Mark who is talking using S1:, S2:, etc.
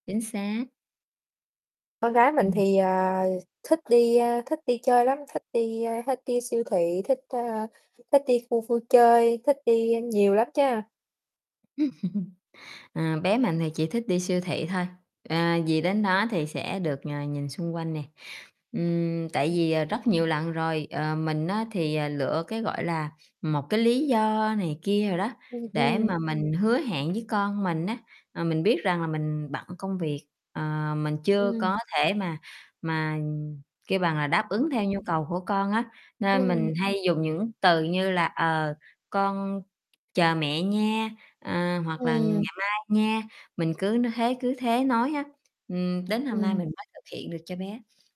S1: Chính xác.
S2: Con gái mình
S1: Ừm.
S2: thì, ờ, thích đi, a, thích đi chơi lắm, thích đi, a, thích đi siêu thị, thích, ờ, thích đi khu vui chơi, thích đi nhiều lắm chớ.
S1: Ờ, bé mình thì chỉ thích đi siêu thị thôi, ờ, vì đến đó thì sẽ được, ờ, nhìn xung quanh nè. Ừm, tại
S2: [unintelligible]
S1: vì, ờ, rất nhiều lần rồi, ờ, mình á thì, à, lựa cái, gọi là, một cái lý do này kia đồ đó,
S2: Ừm,
S1: để
S2: ừm.
S1: mà mình hứa hẹn với con mình á, à, mình biết rằng là mình bận công việc, ờ, mình chưa
S2: Ừm.
S1: có thể mà mà, kiểu, bằng là đáp ứng
S2: Wow.
S1: theo nhu cầu của con á, nên
S2: Ừm.
S1: mình hay dùng những từ như là, "ờ, con chờ mẹ nha", ờ, hoặc là "ngày
S2: Ừm.
S1: mai nha", mình cứ nói thế cứ thế nói á, ừm, đến hôm nay
S2: Ừm.
S1: mình mới thực hiện được cho bé.